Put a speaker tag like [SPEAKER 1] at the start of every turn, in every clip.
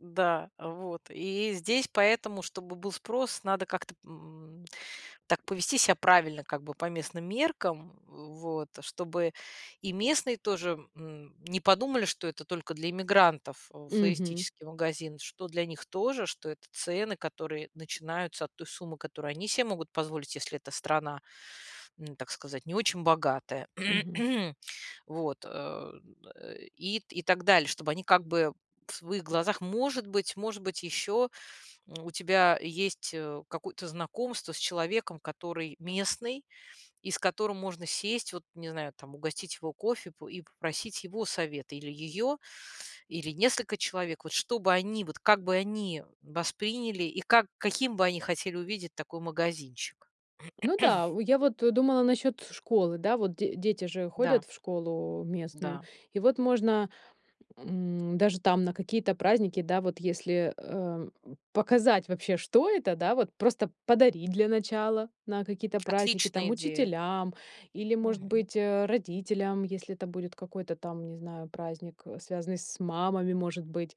[SPEAKER 1] Да, вот и здесь, поэтому, чтобы был спрос, надо как-то, м, так повести себя правильно, как бы по местным меркам, в вот чтобы и местные тоже, м, не подумали, что это только для эмигрантов
[SPEAKER 2] Мгм.
[SPEAKER 1] флористический магазин. Что для них тоже, что это цены, которые начинаются от той суммы, которую они себе могут позволить. Если эта страна, н так сказать, не очень богатая.
[SPEAKER 2] Мгм.
[SPEAKER 1] Вот, э, и и так далее. Чтобы они как бы, в своих глазах, может быть может быть, еще у тебя есть, э, какое-то знакомство с человеком, который местный и с которым можно сесть, вот, не знаю, там, угостить его кофе, п и попросить его совет. Или ее, или несколько человек. Вот что бы они, вот как бы они восприняли и как, каким бы они хотели увидеть такой магазинчик?
[SPEAKER 2] Ну да, у я вот, э, думала насчёт школы, да, вот д дети же
[SPEAKER 1] Да.
[SPEAKER 2] ходят в школу местную.
[SPEAKER 1] Да.
[SPEAKER 2] И вот можно, м, даже там на какие-то праздники, да, вот если, эм, показать вообще, что это, да, вот просто подарить для начала на какие-то праздники. Там,
[SPEAKER 1] Отличная идея.
[SPEAKER 2] учителям или, может
[SPEAKER 1] Мгм.
[SPEAKER 2] быть, э, родителям, если это будет какой-то там, не знаю, праздник, связанный с мамами, может быть.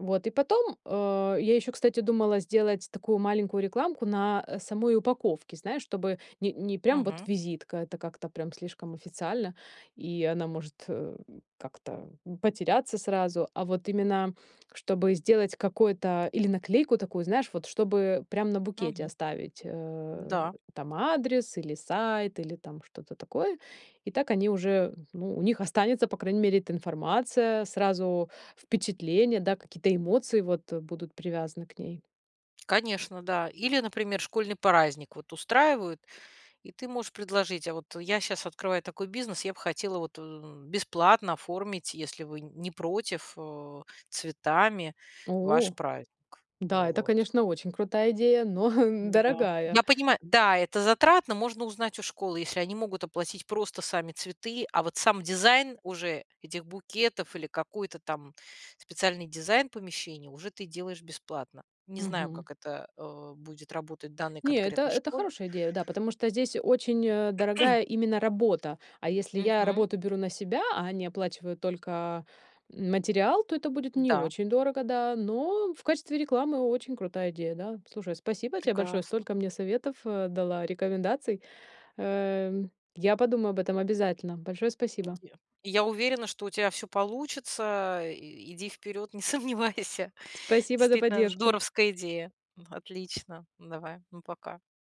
[SPEAKER 2] Вот, и потом, э, я ещё, кстати, думала сделать такую маленькую рекламку на самой упаковке, знаешь, чтобы не не прям вот
[SPEAKER 1] Мгм.
[SPEAKER 2] визитка, это как-то прям слишком официально, и она может, э, как-то потеряться сразу. А вот именно, чтобы сделать какой-то или наклейку такую, знаешь, вот чтобы прям на букете
[SPEAKER 1] Мгм.
[SPEAKER 2] оставить, э,
[SPEAKER 1] М-да.
[SPEAKER 2] там адрес, или сайт, или там что-то такое. И так они уже, ну, у них останется, по крайней мере, эта информация сразу, впечатления, да, какие-то эмоции вот будут привязаны к ней.
[SPEAKER 1] Конечно, да. Или, например, школьный праздник вот устраивают, и ты можешь предложить: "А вот я щас открываю такой бизнес, я б хотела вот, э, бесплатно оформить, если вы не против, э, цветами ваш
[SPEAKER 2] О
[SPEAKER 1] праздник, э,
[SPEAKER 2] да, это,
[SPEAKER 1] вот".
[SPEAKER 2] конечно, очень крутая идея, но
[SPEAKER 1] Н-да,
[SPEAKER 2] дорогая.
[SPEAKER 1] я понимаю. Да, это затратно. Можно узнать у школы, если они могут оплатить просто сами цветы, а вот сам дизайн уже этих букетов или какой-то там специальный дизайн помещения уже ты делаешь бесплатно. Не знаю,
[SPEAKER 2] Мгм.
[SPEAKER 1] как это, э, будет работать в данной
[SPEAKER 2] Не, это
[SPEAKER 1] конкретной
[SPEAKER 2] это
[SPEAKER 1] школе.
[SPEAKER 2] хорошая идея, да, потому что здесь очень, а, дорогая именно работа. А если я
[SPEAKER 1] Мгм.
[SPEAKER 2] работу беру на себя, а они оплачивают только материал, то это будет не
[SPEAKER 1] Да.
[SPEAKER 2] очень дорого, да, но в качестве рекламы очень крутая идея, да. Слушай, спасибо тебе большое,
[SPEAKER 1] Прекрасно.
[SPEAKER 2] столько мне советов, э, дала, рекомендаций, эм. Я подумаю об этом обязательно. Большое
[SPEAKER 1] И
[SPEAKER 2] спасибо!
[SPEAKER 1] где и я уверена, что у тебя всё получится. И иди вперед, не сомневайся.
[SPEAKER 2] Спасибо за
[SPEAKER 1] Действительно,
[SPEAKER 2] поддержку!
[SPEAKER 1] здоровская идея. Ну, отлично. Давай, ну, пока.